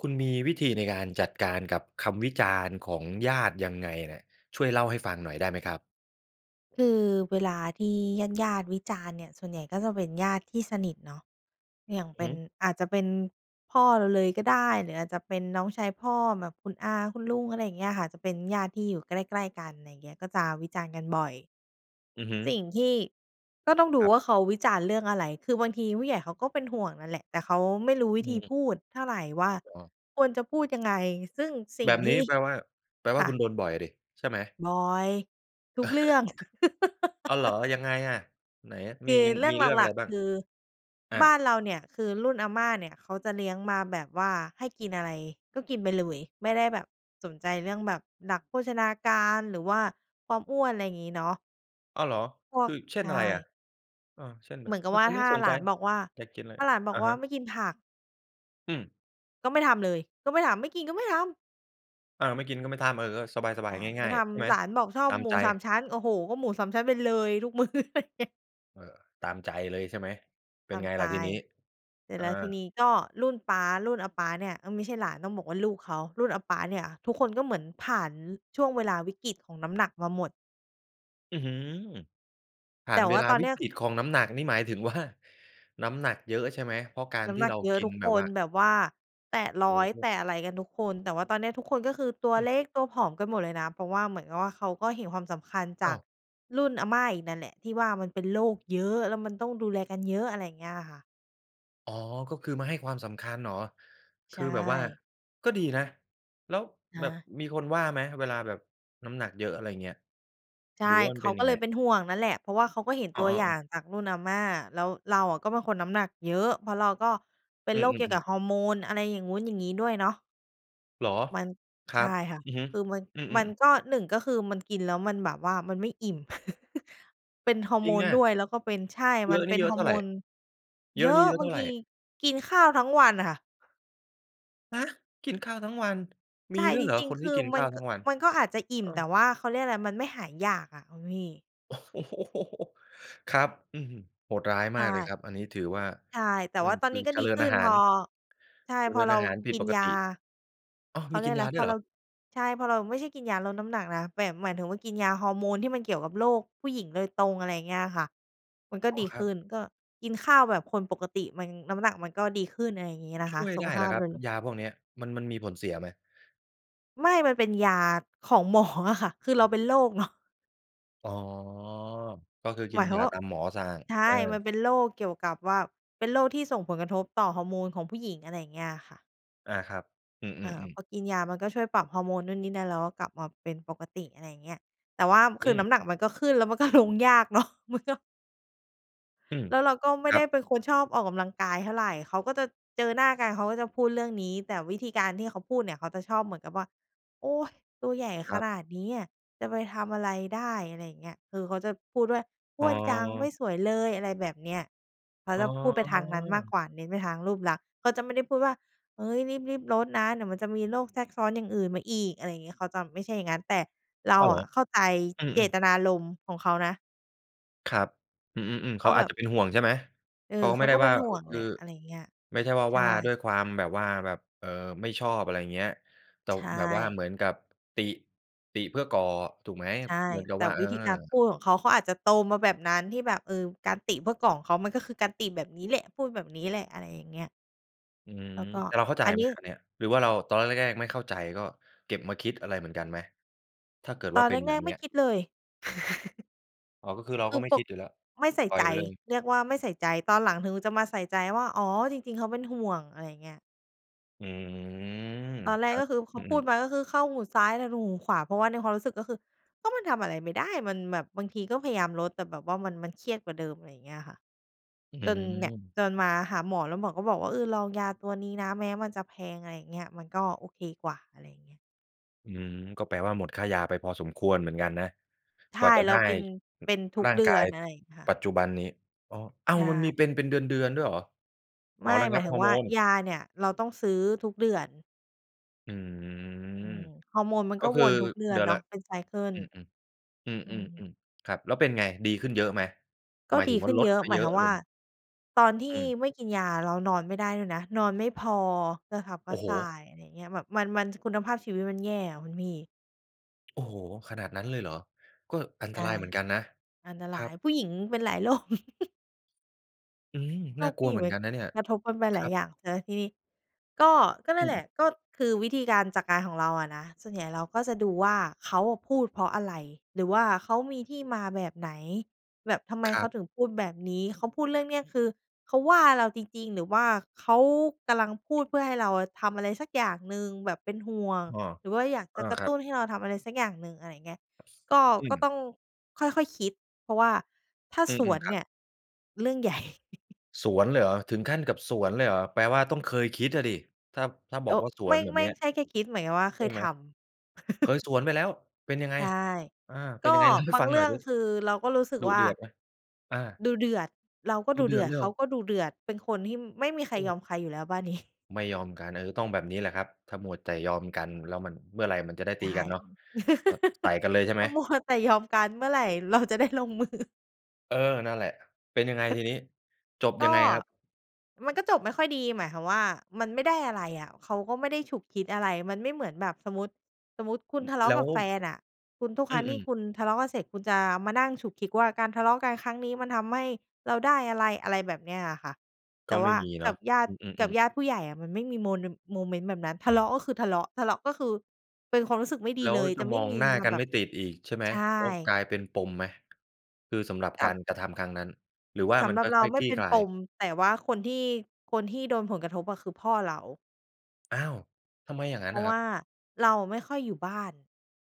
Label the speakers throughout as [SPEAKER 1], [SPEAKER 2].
[SPEAKER 1] คุณมีวิธีในการจัดการกับคำวิจารณ์ของญาติยังไงเนี่ย? ช่วยเล่าให้ฟังหน่อยได้ไหมครับ?
[SPEAKER 2] คือเวลาที่ญาติ ๆ วิจารณ์เนี่ย ส่วนใหญ่ก็จะเป็นญาติที่สนิทเนาะ อย่าง
[SPEAKER 1] อื
[SPEAKER 2] เป
[SPEAKER 1] อ
[SPEAKER 2] ็
[SPEAKER 1] ฮ
[SPEAKER 2] น
[SPEAKER 1] ึ
[SPEAKER 2] อาจจะเป็นพ่อเราเลยก็ได้ หรืออาจจะเป็นน้องชายพ่อ แบบคุณอา คุณลุง อะไรเงี้ยค่ะ จะเป็นญาติที่อยู่ใกล้ ๆ กัน ไรเงี้ย ก็จะวิจารณ์กันบ่อย
[SPEAKER 1] อือฮึ
[SPEAKER 2] สิ่งที่ ก็ต้องดู
[SPEAKER 1] ครับ
[SPEAKER 2] ว่า เขาวิจารณ์เรื่องอะไร คือบางทีผู้ใหญ่เขาก็เป็นห่วงนั่นแหละ แต่เขาไม่รู้วิ
[SPEAKER 1] อ
[SPEAKER 2] ธี
[SPEAKER 1] ืม
[SPEAKER 2] พูดเท่าไรว่า
[SPEAKER 1] อ้อ
[SPEAKER 2] ควรจะพูดยังไง ซึ่งสิ่
[SPEAKER 1] แบ
[SPEAKER 2] ง
[SPEAKER 1] บ
[SPEAKER 2] ท
[SPEAKER 1] นี้
[SPEAKER 2] ี่
[SPEAKER 1] แปลว่า แปลว่
[SPEAKER 2] ค
[SPEAKER 1] า
[SPEAKER 2] ่ะ
[SPEAKER 1] คุณโดนบ่อยอะสิใช่ไหม?
[SPEAKER 2] บ่อย ทุกเรื่อง
[SPEAKER 1] อ้าว เหรอ ยังไงอะ? ไหนอะ
[SPEAKER 2] ค
[SPEAKER 1] มี
[SPEAKER 2] ือ
[SPEAKER 1] ยัง
[SPEAKER 2] เรื่
[SPEAKER 1] ม
[SPEAKER 2] อ
[SPEAKER 1] ี
[SPEAKER 2] ง
[SPEAKER 1] เรื่อง
[SPEAKER 2] ห
[SPEAKER 1] อ
[SPEAKER 2] ล
[SPEAKER 1] ะ
[SPEAKER 2] ั
[SPEAKER 1] ไร
[SPEAKER 2] ก
[SPEAKER 1] บ้า
[SPEAKER 2] ๆ
[SPEAKER 1] ง?
[SPEAKER 2] คือ
[SPEAKER 1] อา
[SPEAKER 2] บ้านเราเนี่ย คือรุ่นอาม่าเนี่ย เขาจะเลี้ยงมาแบบว่าให้กินอะไรก็กินไปเลย ไม่ได้แบบสนใจเรื่องแบบหลักโภชนาการ หรือว่าความอ้วน ไรงี้เนาะ
[SPEAKER 1] อ้าว เหรอ
[SPEAKER 2] พว
[SPEAKER 1] ค
[SPEAKER 2] ก
[SPEAKER 1] ือ เช่
[SPEAKER 2] ใ
[SPEAKER 1] น
[SPEAKER 2] ช
[SPEAKER 1] อะไรอ
[SPEAKER 2] ่
[SPEAKER 1] ะ? เออ เช่น แบ
[SPEAKER 2] เหม
[SPEAKER 1] บ
[SPEAKER 2] ือนกับ
[SPEAKER 1] มัน
[SPEAKER 2] ว่
[SPEAKER 1] ค
[SPEAKER 2] า
[SPEAKER 1] ือ
[SPEAKER 2] ถ
[SPEAKER 1] ไม่
[SPEAKER 2] ้า
[SPEAKER 1] สน
[SPEAKER 2] ห
[SPEAKER 1] ใ
[SPEAKER 2] ล
[SPEAKER 1] จ
[SPEAKER 2] านบอกว่า
[SPEAKER 1] อยากกินอะไร
[SPEAKER 2] ถ้า
[SPEAKER 1] อะ?
[SPEAKER 2] หลานบ
[SPEAKER 1] อ
[SPEAKER 2] อก
[SPEAKER 1] ะ
[SPEAKER 2] ว
[SPEAKER 1] ฮ
[SPEAKER 2] ่า
[SPEAKER 1] ะ
[SPEAKER 2] ไม่กินผัก
[SPEAKER 1] อืม
[SPEAKER 2] ก็ไม่ทำเลย ก็ไม่ทำ ไม่กินก็ไม่ทำ
[SPEAKER 1] เออ ไม่กินก็ไม่ทำ เออ ก็สบา
[SPEAKER 2] ใช
[SPEAKER 1] ย
[SPEAKER 2] ่
[SPEAKER 1] ๆ
[SPEAKER 2] ก
[SPEAKER 1] ง่
[SPEAKER 2] ็
[SPEAKER 1] าย
[SPEAKER 2] ท
[SPEAKER 1] ๆ ใช่ไห
[SPEAKER 2] ำ
[SPEAKER 1] ม?
[SPEAKER 2] หลานบอกชอบ
[SPEAKER 1] ตาม
[SPEAKER 2] หมู
[SPEAKER 1] ใจ
[SPEAKER 2] สามชั้น โอ้โฮ! ก็หมูสามชั้นไปเลยทุก มื้อ
[SPEAKER 1] เออ ตามใจเลยใช่ไหม เป
[SPEAKER 2] ต
[SPEAKER 1] ็น
[SPEAKER 2] าม
[SPEAKER 1] ไง
[SPEAKER 2] ใจ
[SPEAKER 1] ล่ะทีนี้?
[SPEAKER 2] เสร็จ
[SPEAKER 1] อ
[SPEAKER 2] แล้วทีน
[SPEAKER 1] า
[SPEAKER 2] ี้ก็รุ่นป๊า รุ่นอาป๊าเนี่ย เอ๊ย ไม่ใช่หลาน ต้องบอกว่าลูกเขา รุ่นอาป๊าเนี่ยทุกคนก็เหมือนผ่าน ช่วงเวลาวิกฤตของน้ำหนักมาหมด
[SPEAKER 1] อื้อฮือ ผ่
[SPEAKER 2] แ
[SPEAKER 1] า
[SPEAKER 2] ต่
[SPEAKER 1] นเว
[SPEAKER 2] ว่า
[SPEAKER 1] ลา
[SPEAKER 2] ตอน
[SPEAKER 1] ว
[SPEAKER 2] เ
[SPEAKER 1] ิ
[SPEAKER 2] นี้ย
[SPEAKER 1] กฤตของน้ำหนักนี่หมายถึง ว่า น้ำหนักเยอะใช่ไหม? เพราะการ
[SPEAKER 2] น้
[SPEAKER 1] ท
[SPEAKER 2] ำ
[SPEAKER 1] ี่
[SPEAKER 2] หนั
[SPEAKER 1] เ
[SPEAKER 2] ก
[SPEAKER 1] รา
[SPEAKER 2] เยอ
[SPEAKER 1] ก
[SPEAKER 2] ะ
[SPEAKER 1] ิน
[SPEAKER 2] ทุก
[SPEAKER 1] แบ
[SPEAKER 2] ค
[SPEAKER 1] บว
[SPEAKER 2] น
[SPEAKER 1] ่า
[SPEAKER 2] แบบว่าแตะ ร
[SPEAKER 1] โอ
[SPEAKER 2] ้
[SPEAKER 1] ้
[SPEAKER 2] อย
[SPEAKER 1] โฮ
[SPEAKER 2] แตะอะไรกันทุกคน แต่ว่าตอนเนี้ยทุกคน ก็คือตัว
[SPEAKER 1] อืม
[SPEAKER 2] เล็ก ตัวผอมกันหมดเลยนะ เพราะว่าเหมือนกับว่าเขาก็เห็นความสำคัญจ
[SPEAKER 1] อ้
[SPEAKER 2] า
[SPEAKER 1] า
[SPEAKER 2] ก
[SPEAKER 1] ว
[SPEAKER 2] รุ่นอาม่าอีกนั่นแหละ ที่ว่ามันเป็นโรค เยอะ แล้วมันต้องดูแลกันเยอะ อะไรอย่างเงี้ยค่ะ
[SPEAKER 1] อ๋อ ก็คือมาให้ความสำคัญเหรอ? ค
[SPEAKER 2] ใช
[SPEAKER 1] ือแบบว่า
[SPEAKER 2] ่
[SPEAKER 1] ก็ดีนะ แล้ว
[SPEAKER 2] อะฮ
[SPEAKER 1] แบบ
[SPEAKER 2] ะ
[SPEAKER 1] มีคนว่าไหมเวลาแบบน้ำหนักเยอะ อะไรอย่างเงี้ย
[SPEAKER 2] ใช
[SPEAKER 1] หรื
[SPEAKER 2] ่
[SPEAKER 1] อว่ามั
[SPEAKER 2] เ
[SPEAKER 1] น
[SPEAKER 2] ข
[SPEAKER 1] เป
[SPEAKER 2] า
[SPEAKER 1] ็น
[SPEAKER 2] ก
[SPEAKER 1] ย
[SPEAKER 2] ็
[SPEAKER 1] ัง
[SPEAKER 2] เล
[SPEAKER 1] ไง?
[SPEAKER 2] ยเป็นห่วงนั่นแหละ เพราะเขาก็เห็น
[SPEAKER 1] อ้
[SPEAKER 2] ต
[SPEAKER 1] อ
[SPEAKER 2] ัวอย่
[SPEAKER 1] ๆ
[SPEAKER 2] า
[SPEAKER 1] ๆ
[SPEAKER 2] งจากรุ่นอาม่า แล้วเราอะก็เป็นคนน้ำหนักเยอะ เพราะเราก็เป็
[SPEAKER 1] อ
[SPEAKER 2] น
[SPEAKER 1] ื
[SPEAKER 2] โรคเกี่ยว
[SPEAKER 1] อ
[SPEAKER 2] กั
[SPEAKER 1] ๆ ๆ
[SPEAKER 2] บฮอร์โมน อะไรอย่างนู้นอย่างงี้ด้วยเนาะ
[SPEAKER 1] เหรอ?
[SPEAKER 2] มัน
[SPEAKER 1] ค
[SPEAKER 2] ใ
[SPEAKER 1] รั
[SPEAKER 2] ช
[SPEAKER 1] บ
[SPEAKER 2] ่ค่ะ
[SPEAKER 1] อือฮึ
[SPEAKER 2] คือมัน
[SPEAKER 1] อื
[SPEAKER 2] มั
[SPEAKER 1] ม
[SPEAKER 2] น
[SPEAKER 1] ๆ ๆ
[SPEAKER 2] ก็ 1 ก็คือมันกินแล้วมันแบบว่ามันไม่อิ่ม เป็นฮอร์
[SPEAKER 1] จ
[SPEAKER 2] โ
[SPEAKER 1] ร
[SPEAKER 2] ม
[SPEAKER 1] ิง
[SPEAKER 2] น
[SPEAKER 1] อะ?
[SPEAKER 2] ด้วย แล้วก็เป็น ใช่
[SPEAKER 1] เย
[SPEAKER 2] ม
[SPEAKER 1] อ
[SPEAKER 2] ั
[SPEAKER 1] ะ
[SPEAKER 2] น
[SPEAKER 1] น
[SPEAKER 2] เป
[SPEAKER 1] ี่
[SPEAKER 2] ็น
[SPEAKER 1] เยอ
[SPEAKER 2] ฮ
[SPEAKER 1] ะ
[SPEAKER 2] อ
[SPEAKER 1] เท
[SPEAKER 2] ร
[SPEAKER 1] ่
[SPEAKER 2] ์
[SPEAKER 1] า
[SPEAKER 2] โ
[SPEAKER 1] ไ
[SPEAKER 2] ม
[SPEAKER 1] ร
[SPEAKER 2] น
[SPEAKER 1] เย
[SPEAKER 2] เ
[SPEAKER 1] อ
[SPEAKER 2] ย
[SPEAKER 1] ะน
[SPEAKER 2] อ
[SPEAKER 1] ี่
[SPEAKER 2] ะ
[SPEAKER 1] เยอะ
[SPEAKER 2] บ
[SPEAKER 1] เท่
[SPEAKER 2] าง
[SPEAKER 1] าไร?
[SPEAKER 2] ที กินข้าวทั้งวันอะค่ะ
[SPEAKER 1] ฮะ! กินข้าวทั้งวัน
[SPEAKER 2] ใ
[SPEAKER 1] ม
[SPEAKER 2] ช่
[SPEAKER 1] ีด้ว
[SPEAKER 2] จ
[SPEAKER 1] ยเหรอ
[SPEAKER 2] ริง
[SPEAKER 1] คน
[SPEAKER 2] ๆ ค
[SPEAKER 1] ท
[SPEAKER 2] ื
[SPEAKER 1] ี่
[SPEAKER 2] อ
[SPEAKER 1] กิน
[SPEAKER 2] ม
[SPEAKER 1] ข
[SPEAKER 2] ั
[SPEAKER 1] ้า
[SPEAKER 2] น
[SPEAKER 1] ว
[SPEAKER 2] ก
[SPEAKER 1] ทั้งวัน?
[SPEAKER 2] มันก็อาจจะอิ่
[SPEAKER 1] อ
[SPEAKER 2] ม
[SPEAKER 1] ้า
[SPEAKER 2] แต่
[SPEAKER 1] ว
[SPEAKER 2] ว่า เขาเรียกอะไร มันไม่หายอยากอะคุณพี่
[SPEAKER 1] ครับ อื้อฮือ โหดร้าย
[SPEAKER 2] ใช
[SPEAKER 1] มากเลย
[SPEAKER 2] ่
[SPEAKER 1] ครับ อันนี้ถือว่า
[SPEAKER 2] ใช่ แต่
[SPEAKER 1] อื
[SPEAKER 2] ว่า
[SPEAKER 1] อ
[SPEAKER 2] ตอน
[SPEAKER 1] ค
[SPEAKER 2] น
[SPEAKER 1] ื
[SPEAKER 2] ี้
[SPEAKER 1] อ
[SPEAKER 2] ก็
[SPEAKER 1] เจ
[SPEAKER 2] ดี
[SPEAKER 1] ริญ
[SPEAKER 2] ขึ้
[SPEAKER 1] อา
[SPEAKER 2] น
[SPEAKER 1] ห
[SPEAKER 2] พ
[SPEAKER 1] าร
[SPEAKER 2] อ ใช่
[SPEAKER 1] เจ
[SPEAKER 2] พ
[SPEAKER 1] ร
[SPEAKER 2] อ
[SPEAKER 1] ิญ
[SPEAKER 2] เรา
[SPEAKER 1] อาหารผิ
[SPEAKER 2] ก
[SPEAKER 1] ด
[SPEAKER 2] ิน
[SPEAKER 1] ปก
[SPEAKER 2] ยา
[SPEAKER 1] ติ อ้อ
[SPEAKER 2] เข
[SPEAKER 1] ม
[SPEAKER 2] า
[SPEAKER 1] ี
[SPEAKER 2] เรี
[SPEAKER 1] ก
[SPEAKER 2] ย
[SPEAKER 1] ิ
[SPEAKER 2] ก
[SPEAKER 1] น
[SPEAKER 2] อะ
[SPEAKER 1] ย
[SPEAKER 2] ไร
[SPEAKER 1] าด้
[SPEAKER 2] พ
[SPEAKER 1] ว
[SPEAKER 2] อ
[SPEAKER 1] ยเหร
[SPEAKER 2] เรา
[SPEAKER 1] อ?
[SPEAKER 2] ใช่ พอเรา ไม่ใช่กินยาลดน้ำหนักนะ แบบหมายถึงว่า กินยาฮอร์โมนที่มันเกี่ยวกับโรคผู้หญิงโดยตรง อะไรอย่างเงี้ยอะค่ะ มันก็
[SPEAKER 1] อ๋
[SPEAKER 2] ด
[SPEAKER 1] อ
[SPEAKER 2] ี
[SPEAKER 1] ค
[SPEAKER 2] ข
[SPEAKER 1] รั
[SPEAKER 2] ึ้
[SPEAKER 1] บ
[SPEAKER 2] น ก็กินข้าวแบบคนปกติ มัน น้ำหนักมันก็ดีขึ้น อะไรอย่างงี้นะ
[SPEAKER 1] ช
[SPEAKER 2] คะ
[SPEAKER 1] ่วย
[SPEAKER 2] สุ
[SPEAKER 1] ไ
[SPEAKER 2] ข
[SPEAKER 1] ด้
[SPEAKER 2] ภ
[SPEAKER 1] เหร
[SPEAKER 2] า
[SPEAKER 1] อ
[SPEAKER 2] พ
[SPEAKER 1] คร
[SPEAKER 2] เ
[SPEAKER 1] ั
[SPEAKER 2] ล
[SPEAKER 1] บ
[SPEAKER 2] ย
[SPEAKER 1] ยาพวกเนี้ย มัน มันมีผลเสียไหม?
[SPEAKER 2] ไม่ มันเป็นยาของ หมออะค่ะ คือเราเป็นโรคเนาะ
[SPEAKER 1] อ๋อ ก็คือก
[SPEAKER 2] ห
[SPEAKER 1] ิ
[SPEAKER 2] ม
[SPEAKER 1] น
[SPEAKER 2] ายควา
[SPEAKER 1] ย
[SPEAKER 2] ม
[SPEAKER 1] า
[SPEAKER 2] ว่า
[SPEAKER 1] ตามหมอสั่ง
[SPEAKER 2] ใช
[SPEAKER 1] เอ
[SPEAKER 2] ่
[SPEAKER 1] อ
[SPEAKER 2] มันเป็นโรคเกี่ยวกับว่า เป็นโรคที่ส่งผลกระทบต่อฮอร์โมนของผู้หญิง อะไรอย่างเงี้ยอะค่ะ
[SPEAKER 1] อา ครับ อื
[SPEAKER 2] เอ
[SPEAKER 1] ม
[SPEAKER 2] อ
[SPEAKER 1] ๆ ๆ
[SPEAKER 2] พอกินยามันก็ช่วยปรับฮอร์โมนนู่นนี่นั่น แล้วก็กลับมาเป็นปกติ อะไรอย่างเงี้ย แต่ว่าค
[SPEAKER 1] อ
[SPEAKER 2] ือ
[SPEAKER 1] ืม
[SPEAKER 2] น้ำหนักมันก็ขึ้นแล้วมันก็ ลง ยาก เนาะ มันก็
[SPEAKER 1] อืม
[SPEAKER 2] แล้วเราก็ไม
[SPEAKER 1] ค
[SPEAKER 2] ่
[SPEAKER 1] ร
[SPEAKER 2] ไ
[SPEAKER 1] ั
[SPEAKER 2] ด้
[SPEAKER 1] บ
[SPEAKER 2] เป็นคนชอบออกกำลังกายเท่าไร เขาก็จะ เจอหน้ากัน เขาก็จะพูดเรื่องนี้ แต่วิธีการที่เขาพูดเนี่ย เขาจะชอบเหมือนกับว่า "โอ๊ย! ตัวใหญ่
[SPEAKER 1] ค
[SPEAKER 2] ข
[SPEAKER 1] รับ
[SPEAKER 2] นาดนี้อะจะไปทำอะไรได้" อะไรอย่างเงี้ย คือเขาจะพูดว่า "อ
[SPEAKER 1] อ๋
[SPEAKER 2] ้วนจัง ไม่
[SPEAKER 1] อ
[SPEAKER 2] สวยเลย" อะไรแบบเนี้ย เขา
[SPEAKER 1] อ๋
[SPEAKER 2] จะพูดไปทางนั้นมาก
[SPEAKER 1] อ
[SPEAKER 2] กว่า เน้นไปทางรูปลักษณ์ เขาจะไม่ได้พูดว่า "เฮ้ย รีบ ๆ ลดนะ เดี๋ยวมันจะมีโรคแทรกซ้อนอย่างอื่นมาอีก" อะไรอย่างนี้ เขาจะไม่ใช่อย่างงั้น แต่เรา
[SPEAKER 1] อ้าว เห
[SPEAKER 2] อ
[SPEAKER 1] รอ?
[SPEAKER 2] ะเข้าใจ
[SPEAKER 1] อื
[SPEAKER 2] เจ
[SPEAKER 1] ม ๆ
[SPEAKER 2] ตนารมณ์ของเขานะ
[SPEAKER 1] ครับ อืม ๆ ๆ เข
[SPEAKER 2] ก็
[SPEAKER 1] าอ
[SPEAKER 2] แบ
[SPEAKER 1] าจ
[SPEAKER 2] บ
[SPEAKER 1] จะเป็นห่วงใช่ไหม?
[SPEAKER 2] เอ
[SPEAKER 1] เขา
[SPEAKER 2] อ
[SPEAKER 1] ก็
[SPEAKER 2] เข
[SPEAKER 1] ไม่
[SPEAKER 2] า
[SPEAKER 1] ได
[SPEAKER 2] ก
[SPEAKER 1] ้
[SPEAKER 2] ็เป
[SPEAKER 1] ว
[SPEAKER 2] ็
[SPEAKER 1] ่
[SPEAKER 2] น
[SPEAKER 1] า
[SPEAKER 2] ห่วง
[SPEAKER 1] ค
[SPEAKER 2] แห
[SPEAKER 1] ื
[SPEAKER 2] ล
[SPEAKER 1] อ
[SPEAKER 2] ะ อะไรอย่างเงี้ย
[SPEAKER 1] ไม่ใช่ว่า
[SPEAKER 2] ใช่
[SPEAKER 1] ว่าด้วยความแบบว่าแบบ เอ่อ ไม่ชอบ อะไรอย่างเงี้ย แต่
[SPEAKER 2] ใช
[SPEAKER 1] แบบว่า
[SPEAKER 2] ่
[SPEAKER 1] เหมือนกับติ ติเพื่อก่อถูกไหม?
[SPEAKER 2] ใช่
[SPEAKER 1] เหมือนกั
[SPEAKER 2] แ
[SPEAKER 1] บ
[SPEAKER 2] ต่
[SPEAKER 1] ว่า เอ
[SPEAKER 2] วิธีการพู
[SPEAKER 1] อ
[SPEAKER 2] ดของเขา เขาอาจจะโตมาแบบนั้น ที่แบบ เออ การติเพื่อก่อของเขา มันก็คือการติแบบนี้แหละ พูดแบบนี้แหละ อะไรอย่างเงี้ย
[SPEAKER 1] อืม
[SPEAKER 2] แล้วก็
[SPEAKER 1] แต่เราเข้าใจ
[SPEAKER 2] อัน
[SPEAKER 1] ไ
[SPEAKER 2] น
[SPEAKER 1] ห
[SPEAKER 2] ี
[SPEAKER 1] ม
[SPEAKER 2] ้
[SPEAKER 1] อันเนี้ย? หรือว่าเราตอนแรก ๆ ไม่เข้าใจ ก็เก็บมาคิดอะไรเหมือนกันไหม? ถ้าเกิด
[SPEAKER 2] ต
[SPEAKER 1] ว
[SPEAKER 2] อ
[SPEAKER 1] ่า
[SPEAKER 2] น
[SPEAKER 1] เป
[SPEAKER 2] แ
[SPEAKER 1] ็นแบ
[SPEAKER 2] ร
[SPEAKER 1] บ
[SPEAKER 2] ก ๆ
[SPEAKER 1] เ
[SPEAKER 2] ไ
[SPEAKER 1] น
[SPEAKER 2] ม
[SPEAKER 1] ี
[SPEAKER 2] ่
[SPEAKER 1] ้ย
[SPEAKER 2] คิดเลย
[SPEAKER 1] อ๋อ ก็คือเรา
[SPEAKER 2] คื
[SPEAKER 1] ก็
[SPEAKER 2] อ
[SPEAKER 1] ไม่
[SPEAKER 2] ป
[SPEAKER 1] คิ
[SPEAKER 2] ก
[SPEAKER 1] ดอยู่แล้ว
[SPEAKER 2] ไม่ใส่
[SPEAKER 1] ปล่อ
[SPEAKER 2] ใ
[SPEAKER 1] ย
[SPEAKER 2] จ
[SPEAKER 1] ไปเลย
[SPEAKER 2] เรียกว่าไม่ใส่ใจ ตอนหลังถึงจะมาใส่ใจว่า อ๋อ จริง ๆ เขาเป็นห่วง อะไรอย่างเงี้ย
[SPEAKER 1] อืม
[SPEAKER 2] ตอนแร
[SPEAKER 1] คร
[SPEAKER 2] ก
[SPEAKER 1] ั
[SPEAKER 2] ก็
[SPEAKER 1] บ
[SPEAKER 2] คือเข
[SPEAKER 1] อื
[SPEAKER 2] าพู
[SPEAKER 1] อ
[SPEAKER 2] ด
[SPEAKER 1] ๆ
[SPEAKER 2] มาก็คือเข้าหูซ้ายทะลุหูขวา เพราะว่าในความรู้สึก ก็คือ ก็มันทำอะไรไม่ได้ มันแบบบางทีก็พยายามลด แต่แบบว่ามัน มันเครียดกว่าเดิม อะไรอย่างเงี้ยค่ะ
[SPEAKER 1] อื
[SPEAKER 2] จนเนี่ย
[SPEAKER 1] ม
[SPEAKER 2] จนมาหาหมอ แล้วหมอก็บอกว่า "เออ ลองยาตัวนี้นะ แม้มันจะแพง" อะไรอย่างเงี้ย "มันก็โอเคกว่า" อะไรเงี้ย
[SPEAKER 1] อืม ก็แปลว่าหมดค่ายาไปพอสมควรเหมือนกันนะ
[SPEAKER 2] ใช
[SPEAKER 1] ก
[SPEAKER 2] ่
[SPEAKER 1] ว่าจะ
[SPEAKER 2] แล้
[SPEAKER 1] ได้
[SPEAKER 2] วเป็น เป็นทุก
[SPEAKER 1] ร่า
[SPEAKER 2] เ
[SPEAKER 1] ง
[SPEAKER 2] ดื
[SPEAKER 1] กา
[SPEAKER 2] อ
[SPEAKER 1] ย
[SPEAKER 2] น อะไรเงี้ยค่ะ
[SPEAKER 1] ปัจจุบันนี้ อ๋อ อ้า
[SPEAKER 2] ใช
[SPEAKER 1] ว มันมี
[SPEAKER 2] ่
[SPEAKER 1] เป็น เป็นเดือน ๆ ด้วยเหรอ? อ๋
[SPEAKER 2] ไ
[SPEAKER 1] อ
[SPEAKER 2] ม่
[SPEAKER 1] ระ
[SPEAKER 2] ห
[SPEAKER 1] ง
[SPEAKER 2] ม
[SPEAKER 1] ั
[SPEAKER 2] าย
[SPEAKER 1] บ
[SPEAKER 2] ถึ
[SPEAKER 1] ฮ
[SPEAKER 2] ง
[SPEAKER 1] อร์
[SPEAKER 2] ว
[SPEAKER 1] โ
[SPEAKER 2] ่
[SPEAKER 1] ม
[SPEAKER 2] า ย
[SPEAKER 1] น
[SPEAKER 2] าเนี่ยเราต้องซื้อทุกเดือน
[SPEAKER 1] อื
[SPEAKER 2] อื
[SPEAKER 1] ม
[SPEAKER 2] ม ฮอร์โมนมัน
[SPEAKER 1] ก
[SPEAKER 2] ก
[SPEAKER 1] ็
[SPEAKER 2] ็
[SPEAKER 1] ค
[SPEAKER 2] ว
[SPEAKER 1] ือ
[SPEAKER 2] นทุกเดือ
[SPEAKER 1] เด
[SPEAKER 2] น
[SPEAKER 1] ือน
[SPEAKER 2] เนา
[SPEAKER 1] ล
[SPEAKER 2] ะ
[SPEAKER 1] ะ
[SPEAKER 2] เป็น ไซเกิล
[SPEAKER 1] อืม ๆ อื
[SPEAKER 2] อืม
[SPEAKER 1] ม ๆ ๆ ครับ แล้วเป็นไง? ดีขึ้นเยอะไหม?
[SPEAKER 2] ก็
[SPEAKER 1] หมาย
[SPEAKER 2] ด
[SPEAKER 1] ถึ
[SPEAKER 2] ี
[SPEAKER 1] ง
[SPEAKER 2] ข
[SPEAKER 1] ว่
[SPEAKER 2] ึ
[SPEAKER 1] า
[SPEAKER 2] ้น
[SPEAKER 1] ล
[SPEAKER 2] เย
[SPEAKER 1] ด
[SPEAKER 2] อะ
[SPEAKER 1] ไป
[SPEAKER 2] หม
[SPEAKER 1] เ
[SPEAKER 2] า
[SPEAKER 1] ย
[SPEAKER 2] ย
[SPEAKER 1] อ
[SPEAKER 2] ค
[SPEAKER 1] ะ
[SPEAKER 2] วาม
[SPEAKER 1] เ
[SPEAKER 2] ว
[SPEAKER 1] ลย
[SPEAKER 2] ่า
[SPEAKER 1] ไหม?
[SPEAKER 2] ตอนที
[SPEAKER 1] อ
[SPEAKER 2] ่
[SPEAKER 1] ืม
[SPEAKER 2] ไม่กินยาเรานอนไม่ได้ด้วยนะ นอนไม่พอ กระสับกร
[SPEAKER 1] โอ
[SPEAKER 2] ะ
[SPEAKER 1] ้โฮ
[SPEAKER 2] ส่าย อะไรอย่างเงี้ย แบบมัน มัน คุณภาพชีวิตมันแย่อะคุณพี่
[SPEAKER 1] โอ้โฮ ขนาดนั้นเลยเหรอ? ก็อัน
[SPEAKER 2] ใช
[SPEAKER 1] ต
[SPEAKER 2] ่
[SPEAKER 1] รายเหมือนกันนะ
[SPEAKER 2] อันตร
[SPEAKER 1] คร
[SPEAKER 2] า
[SPEAKER 1] ั
[SPEAKER 2] ย
[SPEAKER 1] บ
[SPEAKER 2] ผู้หญิงเป็นหลายโรค
[SPEAKER 1] อืม
[SPEAKER 2] ก
[SPEAKER 1] น
[SPEAKER 2] ็
[SPEAKER 1] ่าก
[SPEAKER 2] ผู
[SPEAKER 1] ลั
[SPEAKER 2] ้
[SPEAKER 1] ว
[SPEAKER 2] หญิ
[SPEAKER 1] เ
[SPEAKER 2] ง
[SPEAKER 1] หมื
[SPEAKER 2] เ
[SPEAKER 1] อ
[SPEAKER 2] ป
[SPEAKER 1] น
[SPEAKER 2] ็น
[SPEAKER 1] กันนะเนี่ย
[SPEAKER 2] กระทบกันไป
[SPEAKER 1] ค
[SPEAKER 2] หล
[SPEAKER 1] ร
[SPEAKER 2] า
[SPEAKER 1] ั
[SPEAKER 2] ย
[SPEAKER 1] บ
[SPEAKER 2] อย่าง แต่แล้วทีนี้ ก็ ก็นั่
[SPEAKER 1] อ
[SPEAKER 2] น
[SPEAKER 1] ื
[SPEAKER 2] แหล
[SPEAKER 1] อ
[SPEAKER 2] ะ ก็คือวิธีการจัดการของเราอะนะ ส่วนใหญ่เราก็จะดูว่า เขาอะพูดเพราะอะไร หรือว่าเขามีที่มาแบบไหน แบบทำไม
[SPEAKER 1] คร
[SPEAKER 2] เข
[SPEAKER 1] ั
[SPEAKER 2] า
[SPEAKER 1] บ
[SPEAKER 2] ถึงพูดแบบนี้ เขาพูดเรื่องเนี่ย คือเขาว่าเราจริง ๆ หรือว่าเขากำลังพูดเพื่อให้เราอะ ทำอะไรสักอย่างหนึ่ง แบบเป็นห่วง
[SPEAKER 1] อ้อ
[SPEAKER 2] หรือว่าอยากจ
[SPEAKER 1] อ
[SPEAKER 2] ะ
[SPEAKER 1] า
[SPEAKER 2] กระ
[SPEAKER 1] คร
[SPEAKER 2] ต
[SPEAKER 1] ั
[SPEAKER 2] ุ
[SPEAKER 1] บ
[SPEAKER 2] ้นให้เราทำอะไรสักอย่างหนึ่ง อะไรเงี้ย ก็
[SPEAKER 1] อ
[SPEAKER 2] ก็
[SPEAKER 1] ื
[SPEAKER 2] ต
[SPEAKER 1] ม
[SPEAKER 2] ้องค่อย ๆ คิด เพราะว่าถ้า
[SPEAKER 1] อื
[SPEAKER 2] ส
[SPEAKER 1] ม
[SPEAKER 2] วน
[SPEAKER 1] ๆ คร
[SPEAKER 2] เน
[SPEAKER 1] ับ
[SPEAKER 2] ี่ย เรื่อง ใหญ่
[SPEAKER 1] สวนเลยเหรอ? ถึงขั้นกับสวนเลยเหรอ? แปลว่า ต้องเคยคิดอะสิ ถ้า ถ้าบ
[SPEAKER 2] โอ
[SPEAKER 1] อก
[SPEAKER 2] ้
[SPEAKER 1] ว่า ส
[SPEAKER 2] ไ
[SPEAKER 1] ว
[SPEAKER 2] ม
[SPEAKER 1] น
[SPEAKER 2] ่
[SPEAKER 1] แบ
[SPEAKER 2] ไ
[SPEAKER 1] บ
[SPEAKER 2] ม
[SPEAKER 1] เน
[SPEAKER 2] ่
[SPEAKER 1] ี้ย
[SPEAKER 2] ใช่แค่คิด เหมือนกับว่าเค
[SPEAKER 1] ใช
[SPEAKER 2] ย
[SPEAKER 1] ่ไหม?
[SPEAKER 2] ทำ
[SPEAKER 1] เคยสวนไปแล้ว เป็นยังไง?
[SPEAKER 2] ใช่
[SPEAKER 1] อา เ
[SPEAKER 2] ก
[SPEAKER 1] ป็
[SPEAKER 2] ็
[SPEAKER 1] นยังไง เล่าให
[SPEAKER 2] บ
[SPEAKER 1] ้
[SPEAKER 2] า
[SPEAKER 1] ฟ
[SPEAKER 2] ง
[SPEAKER 1] ัง
[SPEAKER 2] เร
[SPEAKER 1] หน
[SPEAKER 2] ื่
[SPEAKER 1] ่อย
[SPEAKER 2] อง
[SPEAKER 1] สิ
[SPEAKER 2] คือ เราก็รู้สึก
[SPEAKER 1] ดุ
[SPEAKER 2] ว่
[SPEAKER 1] เด
[SPEAKER 2] า
[SPEAKER 1] ือดไหม? อา
[SPEAKER 2] ดุเดือด เราก็
[SPEAKER 1] ด
[SPEAKER 2] ด
[SPEAKER 1] ุ
[SPEAKER 2] ุ
[SPEAKER 1] เด
[SPEAKER 2] เ
[SPEAKER 1] ื
[SPEAKER 2] ด
[SPEAKER 1] อ
[SPEAKER 2] ื
[SPEAKER 1] ด
[SPEAKER 2] อด
[SPEAKER 1] เลยเ
[SPEAKER 2] เ
[SPEAKER 1] ห
[SPEAKER 2] ข
[SPEAKER 1] ร
[SPEAKER 2] า
[SPEAKER 1] อ?
[SPEAKER 2] ก็ดุเดือด เป็นคนที่ไม่มีใค
[SPEAKER 1] โ
[SPEAKER 2] ร
[SPEAKER 1] อ
[SPEAKER 2] ย
[SPEAKER 1] ้
[SPEAKER 2] อมใครอยู่แล้วบ้าน นี้
[SPEAKER 1] ไม่ยอมกัน เออ ต้องแบบนี้แหละครับ ถ้ามัวแต่ยอมกัน แล้วมัน เมื่อไรมันจะได้
[SPEAKER 2] ใ
[SPEAKER 1] ต
[SPEAKER 2] ช
[SPEAKER 1] ี
[SPEAKER 2] ่
[SPEAKER 1] กันเนาะ ก็ใส่กันเลยใช่
[SPEAKER 2] ถ
[SPEAKER 1] ไ
[SPEAKER 2] ้
[SPEAKER 1] หม?
[SPEAKER 2] ามัว แต่ยอมกัน เมื่อไรเรา จะได้ลงมือ
[SPEAKER 1] เออ นั่นแหละ เป็นยังไงทีนี้จบ
[SPEAKER 2] ก
[SPEAKER 1] ยัง
[SPEAKER 2] ็
[SPEAKER 1] ไงครับ?
[SPEAKER 2] มันก็จบไม่ค่อยดี หมายความว่ามันไม่ได้อะไรอะ เขาก็ไม่ได้ฉุกคิด อะไร มันไม่เหมือนแบบสมมุติ สมมติคุ
[SPEAKER 1] อ
[SPEAKER 2] ณ
[SPEAKER 1] ือ
[SPEAKER 2] ทะเลา
[SPEAKER 1] แ
[SPEAKER 2] ะ
[SPEAKER 1] ล้
[SPEAKER 2] ก
[SPEAKER 1] ว
[SPEAKER 2] ับแฟนน่ะ คุณ ทุก
[SPEAKER 1] อ
[SPEAKER 2] ค
[SPEAKER 1] ื
[SPEAKER 2] รั้งที่
[SPEAKER 1] อ ๆ
[SPEAKER 2] คุณทะเลาะกันเสร็จ คุณจะมานั่งฉุกคิดว่า "การทะเลาะกันครั้งนี้ มันทำให้เราได้อะไร?" อะไรแบบเนี้ยอะคะ
[SPEAKER 1] ก
[SPEAKER 2] แต
[SPEAKER 1] ็
[SPEAKER 2] ่ว
[SPEAKER 1] ไม่
[SPEAKER 2] ่า
[SPEAKER 1] มีเน
[SPEAKER 2] ก
[SPEAKER 1] า
[SPEAKER 2] ั
[SPEAKER 1] ะ
[SPEAKER 2] บญาต
[SPEAKER 1] อื
[SPEAKER 2] ิ กับ
[SPEAKER 1] ม ๆ ๆ
[SPEAKER 2] ญาติผู้ใหญ่อะ มันไม่มีโมนึม โมเมนต์แบบนั้น ทะเลาะก็คือทะเลาะ ทะเลาะก็คือเป็นความรู้สึกไม่ด
[SPEAKER 1] แ
[SPEAKER 2] ี
[SPEAKER 1] ล้
[SPEAKER 2] เ
[SPEAKER 1] ว
[SPEAKER 2] ลย
[SPEAKER 1] จ
[SPEAKER 2] จ
[SPEAKER 1] ะ
[SPEAKER 2] ะไม
[SPEAKER 1] ม
[SPEAKER 2] ่
[SPEAKER 1] อง
[SPEAKER 2] มี
[SPEAKER 1] หน้า
[SPEAKER 2] มา
[SPEAKER 1] กัน
[SPEAKER 2] แบ
[SPEAKER 1] ไม
[SPEAKER 2] บ
[SPEAKER 1] ่ติดอีกใช่ไหม
[SPEAKER 2] ใช่
[SPEAKER 1] แล้วกลายเป็นปมไหม? คือสำหรับ
[SPEAKER 2] กั
[SPEAKER 1] กา
[SPEAKER 2] บ
[SPEAKER 1] รกระทำครั้งนั้น หรือว่า
[SPEAKER 2] ส
[SPEAKER 1] มั
[SPEAKER 2] ำห
[SPEAKER 1] น
[SPEAKER 2] รั
[SPEAKER 1] ค
[SPEAKER 2] บเรา
[SPEAKER 1] ่อย
[SPEAKER 2] ไม
[SPEAKER 1] ๆ ค
[SPEAKER 2] ่
[SPEAKER 1] ลี่
[SPEAKER 2] เป็น
[SPEAKER 1] คลา
[SPEAKER 2] ป
[SPEAKER 1] ย?
[SPEAKER 2] ม แต่ว่าคนที่ คนที่โดนผลกระทบอะคือพ่อเรา
[SPEAKER 1] อ้าว ทำไมอย่างนั
[SPEAKER 2] เ
[SPEAKER 1] ้
[SPEAKER 2] พ
[SPEAKER 1] น
[SPEAKER 2] ร
[SPEAKER 1] น
[SPEAKER 2] า
[SPEAKER 1] ่
[SPEAKER 2] ะ
[SPEAKER 1] ะค
[SPEAKER 2] ว
[SPEAKER 1] รับ?
[SPEAKER 2] ่าเราอะไม่ค่อยอยู่บ้าน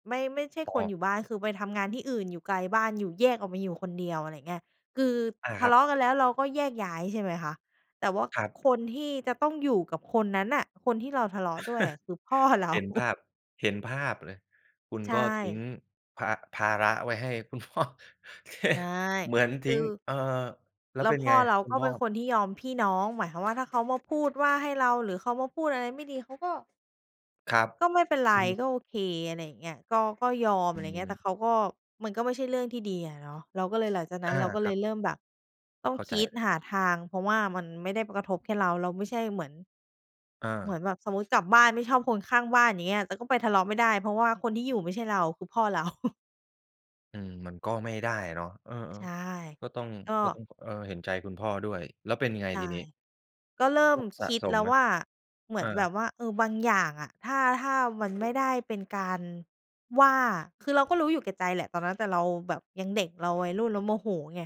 [SPEAKER 2] ไม่ ไม่ใช่
[SPEAKER 1] อ๋
[SPEAKER 2] คน
[SPEAKER 1] อ
[SPEAKER 2] อยู่บ้าน คือไปทำงานที่อื่นอยู่ไกลบ้าน อยู่แยกออกมาอยู่คนเดียว อะไรอย่างเงี้ย คือ
[SPEAKER 1] อา
[SPEAKER 2] ท
[SPEAKER 1] ค
[SPEAKER 2] ะ
[SPEAKER 1] รั
[SPEAKER 2] เล
[SPEAKER 1] บ
[SPEAKER 2] าะกันแล้ว เราก็แยกย้ายใช่ไหมคะ แต่ว่า
[SPEAKER 1] ครับ
[SPEAKER 2] คนที่จะต้องอยู่กับคนนั้นน่ะ คนที่เราทะเลาะด้วยคือ พ่อเรา
[SPEAKER 1] เห็นภาพ เห็นภาพเลย คุณ
[SPEAKER 2] ใช
[SPEAKER 1] ก็ทิ้ง
[SPEAKER 2] ่
[SPEAKER 1] ภา ภาระไว้ให้ คุณพ่อ โอเค
[SPEAKER 2] ใช่
[SPEAKER 1] เหมือน
[SPEAKER 2] ค
[SPEAKER 1] ทิ
[SPEAKER 2] ือ
[SPEAKER 1] ้ง เอ่อ แล้
[SPEAKER 2] แ
[SPEAKER 1] ว
[SPEAKER 2] ล้
[SPEAKER 1] เป
[SPEAKER 2] ว
[SPEAKER 1] ็น
[SPEAKER 2] พ่
[SPEAKER 1] ไง
[SPEAKER 2] อเรา
[SPEAKER 1] คุ
[SPEAKER 2] ก
[SPEAKER 1] ณ
[SPEAKER 2] ็
[SPEAKER 1] พ
[SPEAKER 2] เป
[SPEAKER 1] ่
[SPEAKER 2] ็
[SPEAKER 1] อ?
[SPEAKER 2] นคนที่ยอมพี่น้อง หมายความว่า ถ้าเขามาพูดว่าให้เรา หรือเขามาพูดอะไร ไม่ดี เขาก็
[SPEAKER 1] ครับ
[SPEAKER 2] ก็ไม่ เป็นไร
[SPEAKER 1] อือฮึ
[SPEAKER 2] ก็โอเค อะไรอย่างเงี้ย ก็ ก็ยอม อ
[SPEAKER 1] อ
[SPEAKER 2] ะไ
[SPEAKER 1] ื
[SPEAKER 2] รเงี้ย แต่เ
[SPEAKER 1] ม
[SPEAKER 2] ขาก็ มันก็ไม่ใช่เรื่องที่ดีอะเนาะ เราก็เลย หลังจากนั
[SPEAKER 1] อ
[SPEAKER 2] ้น
[SPEAKER 1] า
[SPEAKER 2] เราก็
[SPEAKER 1] ค
[SPEAKER 2] เล
[SPEAKER 1] รั
[SPEAKER 2] ย
[SPEAKER 1] บ
[SPEAKER 2] เริ่มแบบต้อ
[SPEAKER 1] เ
[SPEAKER 2] ง
[SPEAKER 1] ข้า
[SPEAKER 2] ค
[SPEAKER 1] ใจ
[SPEAKER 2] ิด
[SPEAKER 1] เลย
[SPEAKER 2] หาทาง เพราะว่ามันไม่ได้มากระทบแค่เรา เราไม่ใช่เหมือน
[SPEAKER 1] อ
[SPEAKER 2] เหมื
[SPEAKER 1] า
[SPEAKER 2] อนแบบสมมุติกลับบ้านไม่ชอบคนข้างบ้าน อย่างเงี้ย แต่ก็ไปทะเลาะไม่ได้ เพราะว่าคนที่อยู่ไม่ใช่เรา คือพ่อเรา
[SPEAKER 1] อืม มันก็ไม่ได้อะเนาะ เออ
[SPEAKER 2] ใช่
[SPEAKER 1] ๆ ก็ต้อง
[SPEAKER 2] ก็
[SPEAKER 1] ก็ต้อง เออ เห็นใจคุณพ่อด้วย แล้วเป็นไง
[SPEAKER 2] ใช่
[SPEAKER 1] ทีนี้?
[SPEAKER 2] ก็เริ
[SPEAKER 1] โ
[SPEAKER 2] ่
[SPEAKER 1] ร
[SPEAKER 2] ม
[SPEAKER 1] คส
[SPEAKER 2] ค
[SPEAKER 1] ะ
[SPEAKER 2] ิด
[SPEAKER 1] ส
[SPEAKER 2] แล
[SPEAKER 1] ม
[SPEAKER 2] ้
[SPEAKER 1] ไ
[SPEAKER 2] ว
[SPEAKER 1] หม?
[SPEAKER 2] ว่า เหมื
[SPEAKER 1] อ
[SPEAKER 2] อนแบ
[SPEAKER 1] า
[SPEAKER 2] บว่า เออ บางอย่างอะ ถ้า ถ้ามัน ไม่ได้เป็นการ ว่า คือเราก็รู้อยู่แก่ใจแหละตอนนั้น แต่เราแบบยังเด็ก เราวัยรุ่นแล้วโมโหไง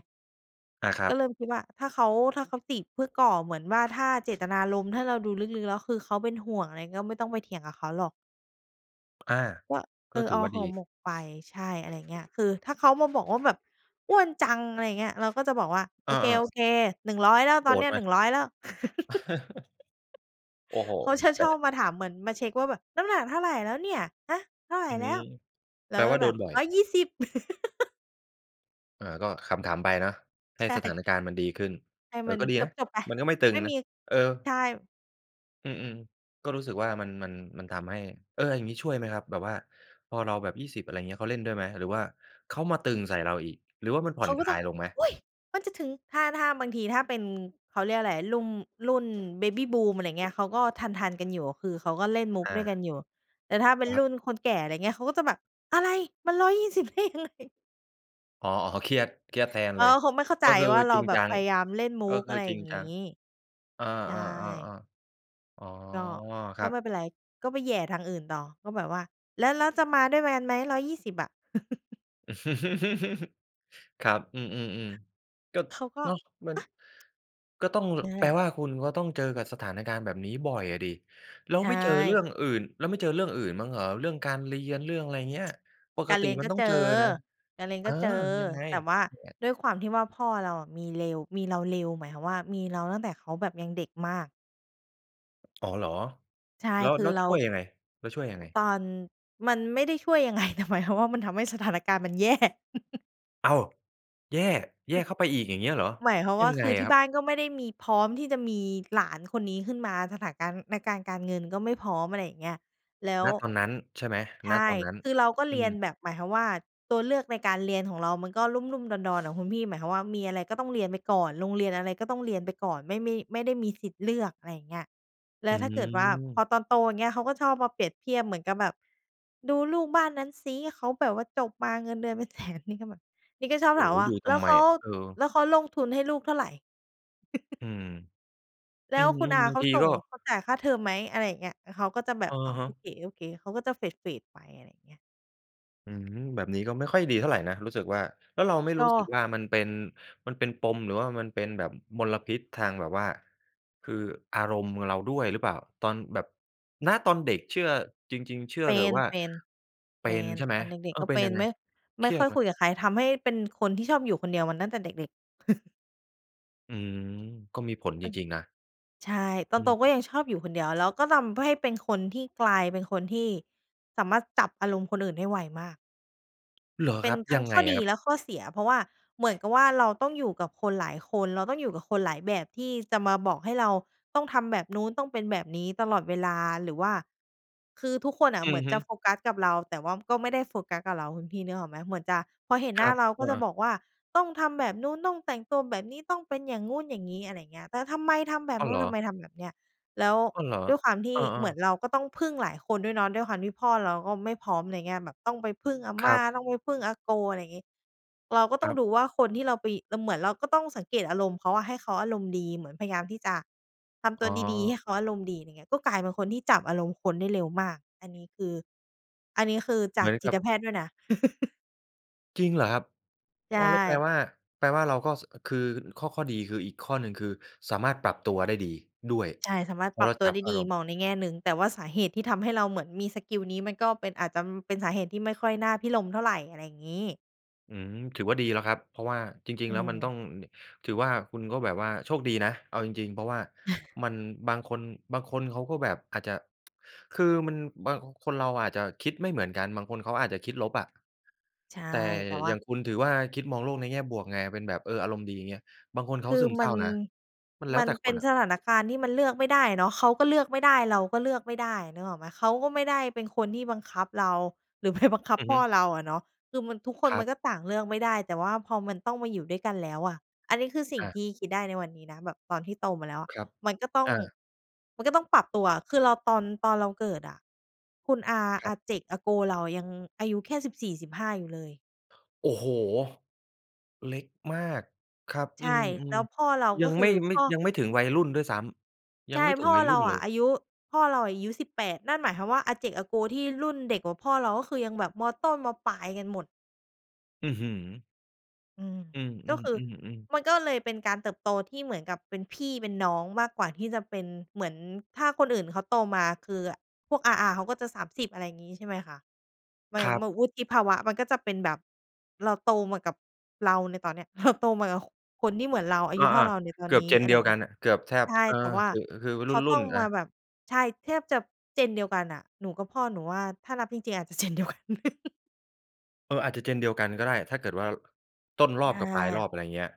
[SPEAKER 1] อา ครั
[SPEAKER 2] ก็
[SPEAKER 1] บ
[SPEAKER 2] เริ่มคิดว่า ถ้าเขา ถ้าเขาติเพื่อก่อเหมือนว่า ถ้าเจตนารมณ์ ให้เราดูลึก ๆ แล้วคือเขาเป็นห่วง อะไรเงี้ย ก็ไม่ต้องไปเถียงกับเขาหรอก
[SPEAKER 1] อา
[SPEAKER 2] ว่า เ
[SPEAKER 1] ก
[SPEAKER 2] อ
[SPEAKER 1] ็
[SPEAKER 2] อ
[SPEAKER 1] ถื
[SPEAKER 2] อ
[SPEAKER 1] อ
[SPEAKER 2] อ
[SPEAKER 1] ว่า
[SPEAKER 2] ห่
[SPEAKER 1] ดี
[SPEAKER 2] อหมกไป ใช่ อะไรอย่างเงี้ย คือถ้าเขามาบอกว่าแบบ "อ้วนจัง" อะไรเงี้ย เราก็จะบอกว่า โ
[SPEAKER 1] อ
[SPEAKER 2] อ
[SPEAKER 1] ้อ
[SPEAKER 2] เ
[SPEAKER 1] ๆ
[SPEAKER 2] ค ๆ 100 แล้ว ต
[SPEAKER 1] โ
[SPEAKER 2] อ
[SPEAKER 1] กร
[SPEAKER 2] นเนี
[SPEAKER 1] ธ
[SPEAKER 2] ้ย
[SPEAKER 1] ไห
[SPEAKER 2] ห
[SPEAKER 1] ม?
[SPEAKER 2] นึ่งร้อย แล้ว
[SPEAKER 1] โอ้โฮ
[SPEAKER 2] เขาชะ
[SPEAKER 1] แ
[SPEAKER 2] ช
[SPEAKER 1] ต่
[SPEAKER 2] อบมาถามเหมือนมาเช็กว่าแบบ "น้ำหนักเท่าไรแล้วเนี่ย ฮะ เท่าไร
[SPEAKER 1] อื
[SPEAKER 2] แล
[SPEAKER 1] ม
[SPEAKER 2] ้ว?" เรา
[SPEAKER 1] แปล
[SPEAKER 2] ก็
[SPEAKER 1] ว่าโ
[SPEAKER 2] แ
[SPEAKER 1] ด
[SPEAKER 2] บบ
[SPEAKER 1] นบ่อย
[SPEAKER 2] 120
[SPEAKER 1] อ่า ก็ขำ ๆ ไปเนาะ ใ
[SPEAKER 2] ใ
[SPEAKER 1] ห้
[SPEAKER 2] ช
[SPEAKER 1] สถ
[SPEAKER 2] ่
[SPEAKER 1] านการณ์มันดีขึ้น
[SPEAKER 2] ให้
[SPEAKER 1] เอ
[SPEAKER 2] มั
[SPEAKER 1] อ
[SPEAKER 2] น
[SPEAKER 1] ก็ดี
[SPEAKER 2] จ
[SPEAKER 1] นะ
[SPEAKER 2] บ ๆ ไป
[SPEAKER 1] มันก็ไม่ตึ
[SPEAKER 2] ไม
[SPEAKER 1] ง
[SPEAKER 2] ่
[SPEAKER 1] น
[SPEAKER 2] ม
[SPEAKER 1] ะ
[SPEAKER 2] ี
[SPEAKER 1] เออ
[SPEAKER 2] ใช่
[SPEAKER 1] อืม ๆ ก็รู้สึกว่ามัน มัน มันทำให้ เออ อย่างงี้ช่วยไหมครับ? แบบว่าพอเราแบบ 20 อะไรอย่างเงี้ย เขาเล่นด้วยไหม? หรือว่าเขามาตึงใส่เราอีก หรือว่ามันผ่
[SPEAKER 2] เข
[SPEAKER 1] อ
[SPEAKER 2] า
[SPEAKER 1] น
[SPEAKER 2] ก
[SPEAKER 1] ค
[SPEAKER 2] ็
[SPEAKER 1] ล
[SPEAKER 2] จะ
[SPEAKER 1] ายลงไหม?
[SPEAKER 2] "อุ๊ย! มันจะถึง" ถ้า ถ้าบางทีถ้าเป็น เขาเรียกว่าอะไร ลุ่ม รุ่น Baby Boom อะไรเงี้ย เขาก็ทัน ๆ กันอยู่ คือเขาก็เล่นมุก
[SPEAKER 1] อ
[SPEAKER 2] ด
[SPEAKER 1] า
[SPEAKER 2] ้วยกันอยู่ แต่ถ้าเป็
[SPEAKER 1] ค
[SPEAKER 2] น
[SPEAKER 1] รับ
[SPEAKER 2] รุ่นคนแก่ อะไรเงี้ย เขาก็จะแบบ "อะไร มัน 120" "ได้ยังไง?"
[SPEAKER 1] อ๋อ ๆ เครียด เครียดแทน
[SPEAKER 2] เข
[SPEAKER 1] เล
[SPEAKER 2] า
[SPEAKER 1] ย
[SPEAKER 2] ก็คงไม่เข้าใ
[SPEAKER 1] ก
[SPEAKER 2] จ
[SPEAKER 1] ็คือ
[SPEAKER 2] ว่า เรา
[SPEAKER 1] จริง
[SPEAKER 2] แบ
[SPEAKER 1] จ
[SPEAKER 2] บ
[SPEAKER 1] ั
[SPEAKER 2] พ
[SPEAKER 1] ง
[SPEAKER 2] ยายามเล่นมุ
[SPEAKER 1] ก็
[SPEAKER 2] ก
[SPEAKER 1] ค
[SPEAKER 2] อ
[SPEAKER 1] ือ
[SPEAKER 2] ะไร
[SPEAKER 1] จ
[SPEAKER 2] อย
[SPEAKER 1] ริ
[SPEAKER 2] ่
[SPEAKER 1] ง
[SPEAKER 2] าง
[SPEAKER 1] จ
[SPEAKER 2] งี
[SPEAKER 1] ั
[SPEAKER 2] ้
[SPEAKER 1] ง อา
[SPEAKER 2] ใช่
[SPEAKER 1] ๆ ๆ ๆ อ๋อ
[SPEAKER 2] ก็
[SPEAKER 1] ค
[SPEAKER 2] ก
[SPEAKER 1] ร
[SPEAKER 2] ็
[SPEAKER 1] ั
[SPEAKER 2] ไ
[SPEAKER 1] บ
[SPEAKER 2] ม่เป็นไร ก็ไปแหย่ทางอื่นต่อ ก็แบบว่าแล้ว แล้วจะมาด้วยกัน ไหม 120 อะ?
[SPEAKER 1] ครับ อืม ๆ ๆ ก็
[SPEAKER 2] เขาก็
[SPEAKER 1] เนาะ มัน ก็ต้อง ล
[SPEAKER 2] อ๊ะ! เนี่ยแ
[SPEAKER 1] แ
[SPEAKER 2] ห
[SPEAKER 1] ป
[SPEAKER 2] ล
[SPEAKER 1] ล
[SPEAKER 2] ะ
[SPEAKER 1] ว่าคุณก็ต้องเจอกับสถานการณ์แบบนี้บ่อยอะสิ? แล้
[SPEAKER 2] ใ
[SPEAKER 1] ว
[SPEAKER 2] ช
[SPEAKER 1] ไม่เจอเรื่อ
[SPEAKER 2] ่
[SPEAKER 1] งอื่น แล้วไม่เจอเรื่องอื่นมั่งเหรอ? เรื่องการเรียน เรื่องอะไรอย่างเงี้ย ป
[SPEAKER 2] ก
[SPEAKER 1] ก
[SPEAKER 2] าร
[SPEAKER 1] ต
[SPEAKER 2] เ
[SPEAKER 1] ิ
[SPEAKER 2] รียน
[SPEAKER 1] มั
[SPEAKER 2] ก
[SPEAKER 1] น
[SPEAKER 2] ็
[SPEAKER 1] ต้อง
[SPEAKER 2] เจ
[SPEAKER 1] เจอ
[SPEAKER 2] อ
[SPEAKER 1] นะ
[SPEAKER 2] การเรียน
[SPEAKER 1] เอ
[SPEAKER 2] ก็
[SPEAKER 1] อ
[SPEAKER 2] เจอ
[SPEAKER 1] ยังไง?
[SPEAKER 2] แต่ว่า
[SPEAKER 1] อย่างเงี้ย
[SPEAKER 2] ด้วยความที่ว่า พ่อเราอะมีเร็ว มีเราเร็ว หมายความว่ามีเราตั้งแต่เขาแบบยังเด็กมาก
[SPEAKER 1] อ๋อ เหรอ?
[SPEAKER 2] ใช่
[SPEAKER 1] แล้ว
[SPEAKER 2] คือ
[SPEAKER 1] แล้ว
[SPEAKER 2] เรา
[SPEAKER 1] ช่วยยังไง แล้วช่วยยังไง?
[SPEAKER 2] ตอน มันไม่ได้ช่วยยัง ไง แต่ หมายความว่ามันทำให้สถานการณ์มัน แย่
[SPEAKER 1] อ้าว! แย่ แย
[SPEAKER 2] อ
[SPEAKER 1] ่
[SPEAKER 2] ือ
[SPEAKER 1] เข้าไปอีกอย่างเงี้ยเหรอ
[SPEAKER 2] หมายความ
[SPEAKER 1] ย
[SPEAKER 2] ว
[SPEAKER 1] ั
[SPEAKER 2] ่า
[SPEAKER 1] งไ
[SPEAKER 2] ค
[SPEAKER 1] ง
[SPEAKER 2] ือ
[SPEAKER 1] อ
[SPEAKER 2] ท
[SPEAKER 1] ะ
[SPEAKER 2] ี
[SPEAKER 1] ค
[SPEAKER 2] ่
[SPEAKER 1] รับ?
[SPEAKER 2] บ้านก็ไม่ได้มีพร้อมที่จะมีหลานคนนี้ขึ้นมา สถานการณ์ในการ การเงินก็ไม่พร้อม อะไรอย่างเงี้ย แล้ว
[SPEAKER 1] ณ ตอนนั้นใช่ไหม?
[SPEAKER 2] ใช
[SPEAKER 1] ณ
[SPEAKER 2] ่
[SPEAKER 1] ตอนนั้น
[SPEAKER 2] คือเราก็
[SPEAKER 1] อ
[SPEAKER 2] เ
[SPEAKER 1] ื
[SPEAKER 2] รียน
[SPEAKER 1] ม
[SPEAKER 2] แบบ หมายความว่า ตัวเลือกในการเรียนของเรามันก็ลุ่ม ๆ ดอน ๆ น่ะคุณพี่ หมายความว่ามีอะไรก็ต้องเรียนไปก่อน โรงเรียนอะไรก็ต้องเรียนไปก่อน ไม่ ไม่ ไม่ได้มีสิทธิ์เลือก อะไรอย่างเงี้ย แล
[SPEAKER 1] อ
[SPEAKER 2] ้
[SPEAKER 1] ื
[SPEAKER 2] วถ้าเกิดว่า พ
[SPEAKER 1] ม
[SPEAKER 2] อตอนโตอย่างเงี้ย เขาก็ชอบมาเปรียบเทียบ เหมือนกับแบบ "ดูลูกบ้านนั้นซิ เขาแบบว่าจบมาเงินเดือนเป็น 100,000" นี่ก็แบบ นี่ก็ชอบ
[SPEAKER 1] โอ้
[SPEAKER 2] ถา
[SPEAKER 1] โ
[SPEAKER 2] ม
[SPEAKER 1] ฮ
[SPEAKER 2] ว่า
[SPEAKER 1] ดูท
[SPEAKER 2] "แล้
[SPEAKER 1] ำ
[SPEAKER 2] ว
[SPEAKER 1] ไ
[SPEAKER 2] เ
[SPEAKER 1] ม?
[SPEAKER 2] ขา
[SPEAKER 1] เออ
[SPEAKER 2] แล้วเขาลงทุนให้ลูกเท่าไร?"
[SPEAKER 1] อืม
[SPEAKER 2] "แล
[SPEAKER 1] อื
[SPEAKER 2] ้วคุณอ
[SPEAKER 1] ม
[SPEAKER 2] า
[SPEAKER 1] ๆ บา
[SPEAKER 2] เข
[SPEAKER 1] ง
[SPEAKER 2] า
[SPEAKER 1] ที
[SPEAKER 2] ส่
[SPEAKER 1] ก
[SPEAKER 2] ง
[SPEAKER 1] ็
[SPEAKER 2] เขาจ่ายค่าเทอมไหม?" อะไรอย่างเงี้ย แล้วเขาก็จะแบ
[SPEAKER 1] อ
[SPEAKER 2] บ
[SPEAKER 1] ะ
[SPEAKER 2] "อ๋อ
[SPEAKER 1] ฮ
[SPEAKER 2] โอ
[SPEAKER 1] ะ
[SPEAKER 2] เค ๆ" เขาก็จะ เฟด ๆ ไป อะไรอย่างเงี้ย
[SPEAKER 1] อืม แบบนี้ก็ไม่ค่อยดีเท่าไรนะ รู้สึกว่า แล้วเราไม่
[SPEAKER 2] ก
[SPEAKER 1] รู้สึก
[SPEAKER 2] ็
[SPEAKER 1] ว่า มันเป็น มันเป็นปม หรือว่ามันเป็นแบบมลพิษทางแบบว่า คืออารมณ์ อ เราด้วยหรือเปล่า? ตอนแบบ ณ ตอนเด็กเชื่อ จริง ๆ เชื่อ
[SPEAKER 2] เป
[SPEAKER 1] เถ
[SPEAKER 2] ็
[SPEAKER 1] อะ
[SPEAKER 2] น
[SPEAKER 1] ว่า
[SPEAKER 2] เป็น
[SPEAKER 1] เป
[SPEAKER 2] เป
[SPEAKER 1] ็
[SPEAKER 2] ็
[SPEAKER 1] น
[SPEAKER 2] น
[SPEAKER 1] ใช่ไหม?
[SPEAKER 2] ตอนเด็
[SPEAKER 1] เอ
[SPEAKER 2] ก
[SPEAKER 1] อ
[SPEAKER 2] ๆ ก็
[SPEAKER 1] เป็
[SPEAKER 2] เ
[SPEAKER 1] น
[SPEAKER 2] ป็
[SPEAKER 1] ยั
[SPEAKER 2] น
[SPEAKER 1] งไง
[SPEAKER 2] ไม่
[SPEAKER 1] เ
[SPEAKER 2] ไ
[SPEAKER 1] ค
[SPEAKER 2] ม่
[SPEAKER 1] รีย
[SPEAKER 2] ค่
[SPEAKER 1] ด
[SPEAKER 2] อย
[SPEAKER 1] ไหม?
[SPEAKER 2] คุยกับใคร ทำให้เป็นคนที่ชอบอยู่คนเดียวมาตั้งแต่เด็ก ๆ
[SPEAKER 1] อืม ก็มีผล
[SPEAKER 2] เอ
[SPEAKER 1] จ
[SPEAKER 2] อ
[SPEAKER 1] ริง ๆ นะ
[SPEAKER 2] ใช่ ต
[SPEAKER 1] อ
[SPEAKER 2] อ
[SPEAKER 1] ื
[SPEAKER 2] นโต
[SPEAKER 1] ม
[SPEAKER 2] ก็ยังชอบอยู่คนเดียว แล้วก็ลำเพื่อให้เป็นคนที่กลายเป็นคนที่สามารถจับอารมณ์คนอื่นได้ไวมาก
[SPEAKER 1] เหรอ
[SPEAKER 2] เป
[SPEAKER 1] ค
[SPEAKER 2] ็
[SPEAKER 1] ร
[SPEAKER 2] น
[SPEAKER 1] ับ?
[SPEAKER 2] ทั
[SPEAKER 1] ย
[SPEAKER 2] ้
[SPEAKER 1] ั
[SPEAKER 2] ง
[SPEAKER 1] ง
[SPEAKER 2] ข
[SPEAKER 1] ไง
[SPEAKER 2] ้อ
[SPEAKER 1] อ
[SPEAKER 2] ด
[SPEAKER 1] ะ
[SPEAKER 2] ี
[SPEAKER 1] ครับ?
[SPEAKER 2] และข้อเสีย เพราะว่าเหมือนกับว่าเราต้องอยู่กับคนหลายคน เราต้องอยู่กับคนหลายแบบที่จะมาบอกให้เราต้องทำแบบนู้น ต้องเป็นแบบนี้ตลอดเวลา หรือว่า คือทุกคนน่ะ
[SPEAKER 1] อ
[SPEAKER 2] เห
[SPEAKER 1] ื
[SPEAKER 2] มื
[SPEAKER 1] อ
[SPEAKER 2] อน
[SPEAKER 1] ฮ
[SPEAKER 2] จ
[SPEAKER 1] ึ
[SPEAKER 2] ะโฟกัสกับเรา แต่ว่าก็ไม่ได้โฟกัสกับเรา คุณพี่นึกออกไหม? เหมือนจะ พอเห็น
[SPEAKER 1] ค
[SPEAKER 2] หน
[SPEAKER 1] ร
[SPEAKER 2] ้า
[SPEAKER 1] ับ
[SPEAKER 2] เราก
[SPEAKER 1] อ
[SPEAKER 2] ็
[SPEAKER 1] ือ
[SPEAKER 2] จ
[SPEAKER 1] ฮ
[SPEAKER 2] ะบ
[SPEAKER 1] ึ
[SPEAKER 2] อกว่า "ต้องทำแบบนู้น ต้องแต่งตัวแบบนี้ ต้องเป็นอย่างงู้นอย่างงี้" อะไรอย่างเงี้ย "แต่ทำไมทำแบบ
[SPEAKER 1] อ้า
[SPEAKER 2] น
[SPEAKER 1] ว
[SPEAKER 2] ู
[SPEAKER 1] เ
[SPEAKER 2] ้
[SPEAKER 1] หร
[SPEAKER 2] น
[SPEAKER 1] อ?
[SPEAKER 2] ทำไมทำแบบเนี้ย" แล้ว
[SPEAKER 1] อ้าว เหรอ?
[SPEAKER 2] ด้วยความที
[SPEAKER 1] อ
[SPEAKER 2] ่
[SPEAKER 1] า
[SPEAKER 2] เหมื
[SPEAKER 1] ๆ
[SPEAKER 2] อนเราก็ต้องพึ่งหลายคนด้วยเนาะ ด้วยความที่พ่อเราก็ไม่พร้อม อะไรเงี้ย แบบต้องไปพึ่งอาม
[SPEAKER 1] คร
[SPEAKER 2] ่
[SPEAKER 1] ั
[SPEAKER 2] า
[SPEAKER 1] บ
[SPEAKER 2] ต้องไปพึ่งอาโก อะไรงี้ เราก็ต้
[SPEAKER 1] ค
[SPEAKER 2] อ
[SPEAKER 1] ร
[SPEAKER 2] ง
[SPEAKER 1] ับ
[SPEAKER 2] ดูว่า คนที่เราไป แต่เหมือนเราก็ต้องสังเกตอารมณ์เขาอะ ให้เขาอารมณ์ดี เหมือนพยายามที่จะทำตั
[SPEAKER 1] อ๋
[SPEAKER 2] วดี ๆ ให
[SPEAKER 1] อ
[SPEAKER 2] ้เขาอารมณ์ดี อะไรเงี้ย ก็กลายเป็นคนที่จับอารมณ์คนได้เร็วมาก อันนี้คือ อันนี้คือจ
[SPEAKER 1] เห
[SPEAKER 2] า
[SPEAKER 1] ม
[SPEAKER 2] ก
[SPEAKER 1] ย
[SPEAKER 2] จ
[SPEAKER 1] ก
[SPEAKER 2] ิ
[SPEAKER 1] ั
[SPEAKER 2] ต
[SPEAKER 1] บ
[SPEAKER 2] แพทย์ด้วยนะ
[SPEAKER 1] จริงเหรอครับ
[SPEAKER 2] ใช
[SPEAKER 1] อ้อ แล้วแปล
[SPEAKER 2] ่
[SPEAKER 1] ว่า แปลว่าเราก็ ส คือข้อ ข้อดี คืออีกข้อหนึ่ง คือสามารถปรับตัวได้ดีด้วย
[SPEAKER 2] ใช่ สามารถ
[SPEAKER 1] เพรา
[SPEAKER 2] ปร
[SPEAKER 1] ะเ
[SPEAKER 2] ับ
[SPEAKER 1] รา
[SPEAKER 2] ตั
[SPEAKER 1] จ
[SPEAKER 2] ว
[SPEAKER 1] ั
[SPEAKER 2] ไ
[SPEAKER 1] บ
[SPEAKER 2] ด้
[SPEAKER 1] อา
[SPEAKER 2] ดี
[SPEAKER 1] รมณ์
[SPEAKER 2] มองในแง่หนึ่ง แต่ว่าสาเหตุที่ทำให้เราเหมือนมีสกิลนี้มันก็เป็น อาจจะ ม เป็นสาเหตุที่ไม่ค่อยน่าภิรมย์เท่าไร อะไรงี้
[SPEAKER 1] อืม ถือว่าดีแล้วครับ เพราะว่าจริ
[SPEAKER 2] อื
[SPEAKER 1] ง ๆ แล้วมันต
[SPEAKER 2] ม
[SPEAKER 1] ้อง ด ถือว่าคุณก็แบบว่าโชคดีนะ เอาจริง ๆ เพราะว่ามัน บางคน บางคนเขาก็แบบอาจจะ คือมัน บาง คนเราอาจจะคิดไม่เหมือนกัน บางคนเขาอาจจะคิดลบอะ
[SPEAKER 2] ใช่
[SPEAKER 1] แต่
[SPEAKER 2] แต่ว
[SPEAKER 1] อ
[SPEAKER 2] ่
[SPEAKER 1] ย
[SPEAKER 2] า
[SPEAKER 1] ่างคุณถือว่าคิดมองโลกในแง่บวกไง เป็นแบบ เออ อารมณ์ดีเงี้ย บางคนเ
[SPEAKER 2] ค
[SPEAKER 1] ขา
[SPEAKER 2] ือ
[SPEAKER 1] ซึมเ
[SPEAKER 2] ม
[SPEAKER 1] ศร
[SPEAKER 2] ั
[SPEAKER 1] ้า
[SPEAKER 2] น
[SPEAKER 1] นะ มันแล
[SPEAKER 2] ม
[SPEAKER 1] ้
[SPEAKER 2] ั
[SPEAKER 1] ว
[SPEAKER 2] น
[SPEAKER 1] แต่
[SPEAKER 2] เป
[SPEAKER 1] ค
[SPEAKER 2] ็น
[SPEAKER 1] นอะ
[SPEAKER 2] สถานการณ์ที่มันเลือกไม่ได้เนาะ เขาก็เลือกไม่ได้ เราก็เลือกไม่ได้ นึกออกไหม? เขาก็ไม่ได้เป็นคนที่บังคับเรา หรือ ไป บังคั
[SPEAKER 1] อ
[SPEAKER 2] บ
[SPEAKER 1] ือ
[SPEAKER 2] พ
[SPEAKER 1] ฮึ
[SPEAKER 2] ่อเราอะเนาะ คือมัน ทุกคน
[SPEAKER 1] คร
[SPEAKER 2] ม
[SPEAKER 1] ั
[SPEAKER 2] ั
[SPEAKER 1] บ
[SPEAKER 2] นก็ต่างเลือกไม่ได้ แต่ว่าพอมันต้องมาอยู่ด้วยกันแล้วอะ อันนี้คือสิ่ง
[SPEAKER 1] อ
[SPEAKER 2] ท
[SPEAKER 1] ะ
[SPEAKER 2] ี่คิดได้ในวันนี้นะ แบบตอนที่โตมาแล้วอะ
[SPEAKER 1] ครับ
[SPEAKER 2] มันก็ต้อง
[SPEAKER 1] อา
[SPEAKER 2] มันก็ต้องปรับตัว คือเราตอน ตอนเราเกิดอะ คุณอา
[SPEAKER 1] ค
[SPEAKER 2] อ
[SPEAKER 1] รับ
[SPEAKER 2] าเจ็ก อาโกวเรายังอายุแค่ 14-15 อยู่เลย
[SPEAKER 1] โอ้โฮ! เล็กมากครับ
[SPEAKER 2] ใช
[SPEAKER 1] อื
[SPEAKER 2] ่ แล
[SPEAKER 1] ม
[SPEAKER 2] ้วพ่อเรา
[SPEAKER 1] ๆ ย
[SPEAKER 2] ก
[SPEAKER 1] ั
[SPEAKER 2] ็
[SPEAKER 1] ง
[SPEAKER 2] ค
[SPEAKER 1] ไ
[SPEAKER 2] ื
[SPEAKER 1] ม
[SPEAKER 2] อ
[SPEAKER 1] ่ ไ
[SPEAKER 2] พ
[SPEAKER 1] ม่
[SPEAKER 2] ่อ
[SPEAKER 1] ยังไม่ถึงวัยรุ่นด้วยซ้ำ ยั
[SPEAKER 2] ใช
[SPEAKER 1] ง
[SPEAKER 2] ่
[SPEAKER 1] ไม่ถึ
[SPEAKER 2] พ
[SPEAKER 1] ง
[SPEAKER 2] ่อ
[SPEAKER 1] วัย
[SPEAKER 2] เ
[SPEAKER 1] ร
[SPEAKER 2] ร
[SPEAKER 1] ุ่
[SPEAKER 2] า
[SPEAKER 1] นเ
[SPEAKER 2] อ
[SPEAKER 1] ล
[SPEAKER 2] ะ
[SPEAKER 1] ย
[SPEAKER 2] อายุ พ่อเราอายุ 18 นั่นหมายความว่า อาเจ็กอาโกวที่รุ่นเด็กกว่าพ่อเรา ก็คือยังแบบ ม.ต้น ม.ปลายกันหมด
[SPEAKER 1] อื้อฮือ
[SPEAKER 2] อืม
[SPEAKER 1] อือ
[SPEAKER 2] ก็คือ
[SPEAKER 1] ๆ ๆ ๆ
[SPEAKER 2] มันก็เลยเป็นการเติบโตที่เหมือนกับเป็นพี่เป็นน้อง มากกว่าที่จะเป็นเหมือน ถ้าคนอื่นเขาโตมา คืออะ พวกอา ๆ เขาก็จะ 30 อะไรงี้ ใช่ไหมคะ ไม่
[SPEAKER 1] ครั
[SPEAKER 2] เห
[SPEAKER 1] บ
[SPEAKER 2] มือนวุฒิภาวะมันก็จะเป็นแบบ เราโตมากับ เราในตอนเนี้ย เราโตมากับ ค คนที่เหมือนเรา อา
[SPEAKER 1] อ
[SPEAKER 2] ยุ
[SPEAKER 1] า
[SPEAKER 2] เท่าเราในตอ
[SPEAKER 1] ๆ เ
[SPEAKER 2] น
[SPEAKER 1] กื
[SPEAKER 2] น
[SPEAKER 1] อบ
[SPEAKER 2] ี้ อ
[SPEAKER 1] Gen
[SPEAKER 2] ะไร
[SPEAKER 1] เดี
[SPEAKER 2] อย
[SPEAKER 1] ย
[SPEAKER 2] ่
[SPEAKER 1] ว
[SPEAKER 2] างเง
[SPEAKER 1] ก
[SPEAKER 2] ี
[SPEAKER 1] ั
[SPEAKER 2] ้
[SPEAKER 1] น
[SPEAKER 2] ย
[SPEAKER 1] อะ เกือบแท
[SPEAKER 2] ใ
[SPEAKER 1] บ
[SPEAKER 2] ช่
[SPEAKER 1] อา
[SPEAKER 2] แต่ว่า
[SPEAKER 1] คึ คือ
[SPEAKER 2] เข
[SPEAKER 1] ร
[SPEAKER 2] าต้
[SPEAKER 1] ุ่
[SPEAKER 2] อง
[SPEAKER 1] น ๆ อ
[SPEAKER 2] มา
[SPEAKER 1] ะ
[SPEAKER 2] แบบ ใช่ แทบจะ Gen เดียวกันน่ะ หนูกับพ่อ หนูว่าถ้านับจริง ๆ อาจจะ Gen เดียวกัน
[SPEAKER 1] เออ อาจจะ Gen เดียวกันก็ได้ ถ้าเกิดว่า ล ต้นร
[SPEAKER 2] ใช
[SPEAKER 1] อบกับปลายร
[SPEAKER 2] ่
[SPEAKER 1] อบ อะไรเงี้ย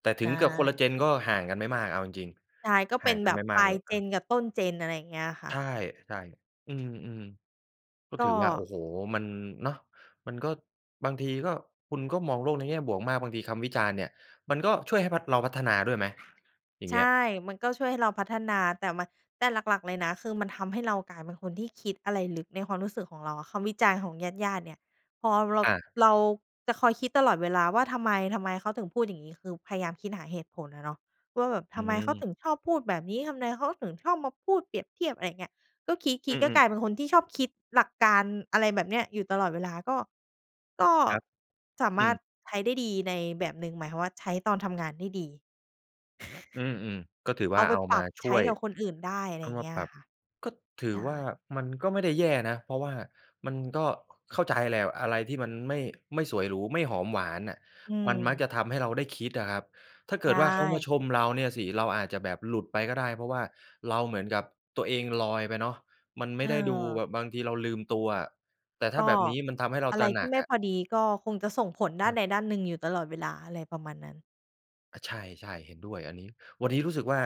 [SPEAKER 1] แต่ถ
[SPEAKER 2] ใ
[SPEAKER 1] ึ
[SPEAKER 2] ช
[SPEAKER 1] งเกือบคนละ
[SPEAKER 2] ่
[SPEAKER 1] Gen ก็ห่างกันไม่มาก เอาจริง
[SPEAKER 2] ใช่ ก็
[SPEAKER 1] ๆ ห
[SPEAKER 2] เป
[SPEAKER 1] ่า
[SPEAKER 2] ็
[SPEAKER 1] ง
[SPEAKER 2] น
[SPEAKER 1] กั
[SPEAKER 2] แบ
[SPEAKER 1] นไ
[SPEAKER 2] บ
[SPEAKER 1] ม่ม
[SPEAKER 2] ป
[SPEAKER 1] า
[SPEAKER 2] ล
[SPEAKER 1] ก
[SPEAKER 2] า
[SPEAKER 1] เ
[SPEAKER 2] ย
[SPEAKER 1] ลย อา
[SPEAKER 2] Gen กับต้น Gen อะไรอย่างเงี้ยอะค่
[SPEAKER 1] ใช
[SPEAKER 2] ะ
[SPEAKER 1] ่ ๆ อืม ๆ ก็
[SPEAKER 2] ก
[SPEAKER 1] ถือว่า โอ้
[SPEAKER 2] ็
[SPEAKER 1] โฮ มัน เนาะ มันก็ บางทีก็ คุณก็มองโลกในแง่บวกมาก บางทีคำวิจารณ์เนี่ยมันก็ช่วยให้พัฒ เราพัฒนาด้วยไหม? อย่าง
[SPEAKER 2] ใ
[SPEAKER 1] เ
[SPEAKER 2] ช
[SPEAKER 1] งี้ย
[SPEAKER 2] ่ มันก็ช่วยให้เราพัฒนา แต่มัน แต่หลัก ๆ เลยนะ คือมันทำให้เรากลายเป็นคนที่คิดอะไรลึก ในความรู้สึกของเราอะ คำวิจารณ์ของญาติ ๆ เนี่ย พอเรา
[SPEAKER 1] อา
[SPEAKER 2] เราจะคอยคิดตลอดเวลาว่า ทำไม ทำไมเขาถึงพูดอย่างงี้? คือพยายามคิดหาเหตุผลอะเนาะว่าแบบ
[SPEAKER 1] อ
[SPEAKER 2] ท
[SPEAKER 1] ื
[SPEAKER 2] ำไมเขา
[SPEAKER 1] ม
[SPEAKER 2] ถึงชอบพูดแบบนี้? ทำไมเขาถึงชอบมาพูดเปรียบเทียบ? อะไรอย่างเงี้ย ก็คิ
[SPEAKER 1] อื
[SPEAKER 2] ด ๆ ก็ก
[SPEAKER 1] อ ๆ
[SPEAKER 2] ลายเป็นคนที่ชอบคิดหลักการ อะไรแบบนี้ อยู่ตลอดเวลา ก็ ก็
[SPEAKER 1] ครับ
[SPEAKER 2] สา
[SPEAKER 1] อ
[SPEAKER 2] ม
[SPEAKER 1] ื
[SPEAKER 2] ารถ
[SPEAKER 1] ม
[SPEAKER 2] ใช้ได้ดีในแบบหนึ่ง หมายความว่า ใช้ตอนทำงานได้ดี
[SPEAKER 1] อืม ๆ ก็ถือว
[SPEAKER 2] เอ
[SPEAKER 1] ่า
[SPEAKER 2] าไป
[SPEAKER 1] เอา
[SPEAKER 2] ปร
[SPEAKER 1] ม
[SPEAKER 2] ั
[SPEAKER 1] า
[SPEAKER 2] บ
[SPEAKER 1] ช
[SPEAKER 2] ใช
[SPEAKER 1] ่
[SPEAKER 2] ้
[SPEAKER 1] วย
[SPEAKER 2] กับคนอื่นได้ อะ
[SPEAKER 1] เ
[SPEAKER 2] ไ
[SPEAKER 1] อ
[SPEAKER 2] ร
[SPEAKER 1] า
[SPEAKER 2] อย่
[SPEAKER 1] ม
[SPEAKER 2] าง
[SPEAKER 1] า
[SPEAKER 2] เงี้
[SPEAKER 1] ป
[SPEAKER 2] ย
[SPEAKER 1] รั
[SPEAKER 2] อ
[SPEAKER 1] บ
[SPEAKER 2] ะค่ะ
[SPEAKER 1] ก็ถื
[SPEAKER 2] ใช
[SPEAKER 1] อ
[SPEAKER 2] ่
[SPEAKER 1] ว่ามันก็ไม่ได้แย่นะ เพราะว่ามันก็ เข้าใจแหละ อะไรที่มันไม่ ไม่สวยหรู ไม่หอมหวานน่ะ
[SPEAKER 2] อื
[SPEAKER 1] มันมัก
[SPEAKER 2] ม
[SPEAKER 1] จะทำให้เราได้คิดอะครับ ถ้าเก
[SPEAKER 2] ใช
[SPEAKER 1] ิดว่าเขามา
[SPEAKER 2] ่
[SPEAKER 1] ชมเราเนี่ยสิ เราอาจจะแบบหลุดไปก็ได้ เพราะว่าเราเหมือนกับตัวเองลอยไปเนาะ มันไม่ได้ดู
[SPEAKER 2] เ
[SPEAKER 1] แ
[SPEAKER 2] ออ
[SPEAKER 1] บบบางทีเราลืมตัวอะ แต่ถ้
[SPEAKER 2] ก
[SPEAKER 1] าแ
[SPEAKER 2] ็
[SPEAKER 1] บบนี้มันทำให้เรา
[SPEAKER 2] อะ
[SPEAKER 1] ต
[SPEAKER 2] ไร
[SPEAKER 1] ระห
[SPEAKER 2] ท
[SPEAKER 1] น
[SPEAKER 2] ี
[SPEAKER 1] ั
[SPEAKER 2] ่
[SPEAKER 1] ก
[SPEAKER 2] ไม่
[SPEAKER 1] อะ
[SPEAKER 2] พอดี ก็คงจะส่งผลด้
[SPEAKER 1] ค
[SPEAKER 2] าน
[SPEAKER 1] รับ
[SPEAKER 2] ใดด้านหนึ่งอยู่ตลอดเวลา อะไรประมาณนั้น
[SPEAKER 1] อะ ใช่ ๆ เห็นด้วยอันนี้ วันนี้รู้สึกว่า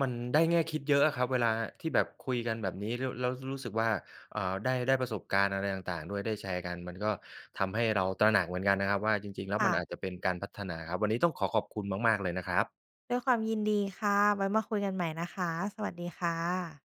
[SPEAKER 1] มันได้แง่คิดเยอะอะครับ เวลาที่แบบคุยกันแบบนี้ แล้ว แล้วรู้สึกว่า เอ่อ ได้ ได้ประสบการณ์อะไรต่าง ๆ ด้วย ได้แชร์กัน มันก็ทำให้เราตระหนักเหมือนกันนะครับว่า จริง ๆ แล้ว
[SPEAKER 2] ค
[SPEAKER 1] ม
[SPEAKER 2] ่
[SPEAKER 1] ัน
[SPEAKER 2] ะ
[SPEAKER 1] อาจจะเป็นการพัฒนาครับ วันนี้ต้องขอขอบคุณมาก ๆ เลยนะครับ
[SPEAKER 2] ด้วยความยินดีค่ะ ไว้มาคุยกันใหม่นะคะ สวัสดีค่ะ